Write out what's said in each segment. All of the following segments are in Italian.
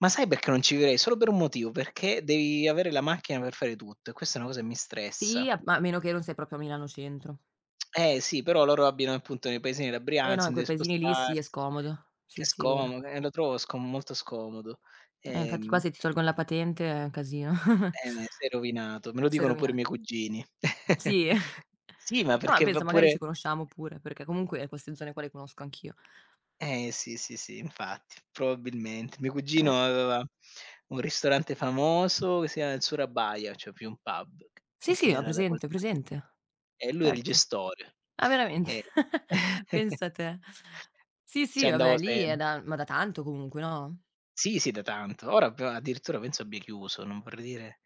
Ma sai perché non ci vivrei? Solo per un motivo, perché devi avere la macchina per fare tutto, e questa è una cosa che mi Sì, stressa. ma a meno che non sei proprio a Milano centro. Eh sì, però loro abitano appunto nei paesini della E no, Brianza, se in quei deve paesini lì sì, è spostarsi, scomodo. che Sì, sì, vero. scomodo, e lo trovo scom molto scomodo, Eh infatti qua ehm se ti tolgono la patente è un casino. Bene, sei rovinato, me lo Sei dicono pure i rovinato. miei cugini. Sì, Sì, ma e ma perché va penso magari pure ci conosciamo pure, perché comunque e queste zone qua le conosco anch'io. Eh sì, sì, sì, infatti, probabilmente. Mio cugino Eh. aveva un ristorante famoso, che si chiamava il Surabaya, cioè più un pub, Sì, che sì, ho era da quella presente, ho parte. presente. E lui era il Certo. gestore. Ma veramente, E pensa te. Sì Ci sì andavo vabbè, lì è sem da ma da tanto comunque, no? Sì sì da tanto. Ora p addirittura penso abbia chiuso, non vorrei dire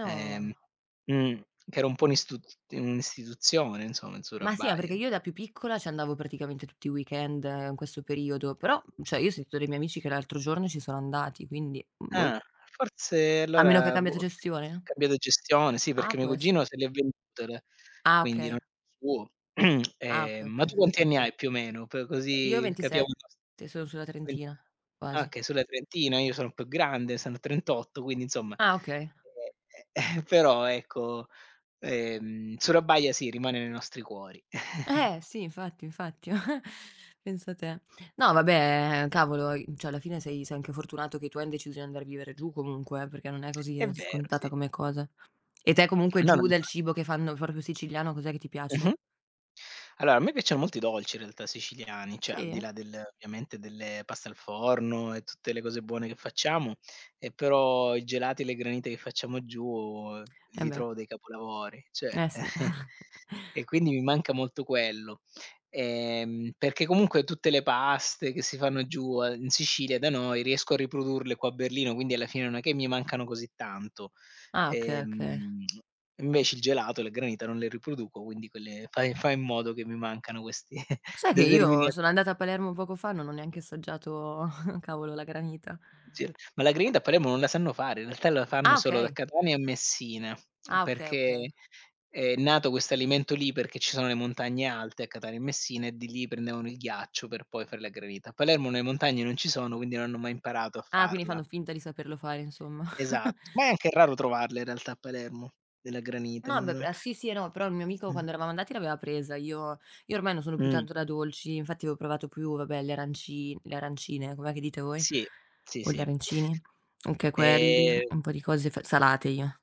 ehm mhmm, che ero un po' ist un'istituzione insomma il Ma sì, ma Surabaya perché de io da più piccola, ci andavo praticamente tutti i weekend in questo periodo, però, cioè io ho sentito dei miei amici che l'altro giorno ci sono andati, quindi, mhmm, boh. Ah, forse A meno che ha allora cambiato boh, gestione? cambiato gestione, sì, Ah perché mio può essere. cugino se le è venduto, Ah quindi okay. non è suo. Ah okay Ehm, ma tu okay. quanti anni hai più o meno? P Io ho così capiamo 27, sono sulla [unintelligible] trentina, Ah, quasi. okay, sulla trentina io sono più grande, sono 38 quindi insomma Ah okay. e e e però ecco, ehm, Surabaya sì rimane nei nostri cuori. Eh sì, infatti, infatti, pensa te. No, vabbè, cavolo, cioè alla fine sei sei anche fortunato che tu han deciso di andare a vivere giù comunque, eh, perché non è È così vero, scontata sì. come cosa. E te comunque No, non giù mi dal fa cibo che fanno proprio siciliano cos'è che ti Mh-mh. piace? Allora, a me piacciono molto i dolci in realtà siciliani, cioè al di Sì? là del ovviamente delle pasta al forno, e tutte le cose buone che facciamo, e però i gelati e le granite che facciamo giù, E li beh. trovo dei capolavori, cioè. Eh sì. e quindi mi manca molto quello, ehm, perché comunque tutte le paste che si fanno giù, in Sicilia da noi, riesco a riprodurle qua a Berlino, quindi alla fine non è che mi mancano così tanto. Ah, okay okay. Ehm, invece il gelato, le granite non le riproduco, quindi quelle fa fa in modo che mi mancano questi Lo sai che io determina sono andata a Palermo poco fa, non ho neanche assaggiato cavolo la granita. [unintelligible] ma la granita a Palermo non la sanno fare, in realtà la fanno Ah solo da okay. Catania a Messina, Ah okay perché okay. è nato questo alimento lì, perché ci sono le montagne alte a Catania e Messina e di lì prendevano il ghiaccio per poi fare la granita. Palermo le montagne non ci sono quindi non hanno mai imparato a Ah, quindi farla. fanno finta di saperlo fare insomma. Esatto, ma è anche raro trovarle in realtà a Palermo della granita No beh no. p sì sì, no, però il mio amico Mh. quando eravamo andati l'aveva presa, io io ormai non sono più Mh. tanto da dolci, infatti avevo provato più, vabbè, le aranci le arancine, com'è che dite voi? Sì sì, O gli sì. arancini? OKay, quelli, E un po' di cose f salate io.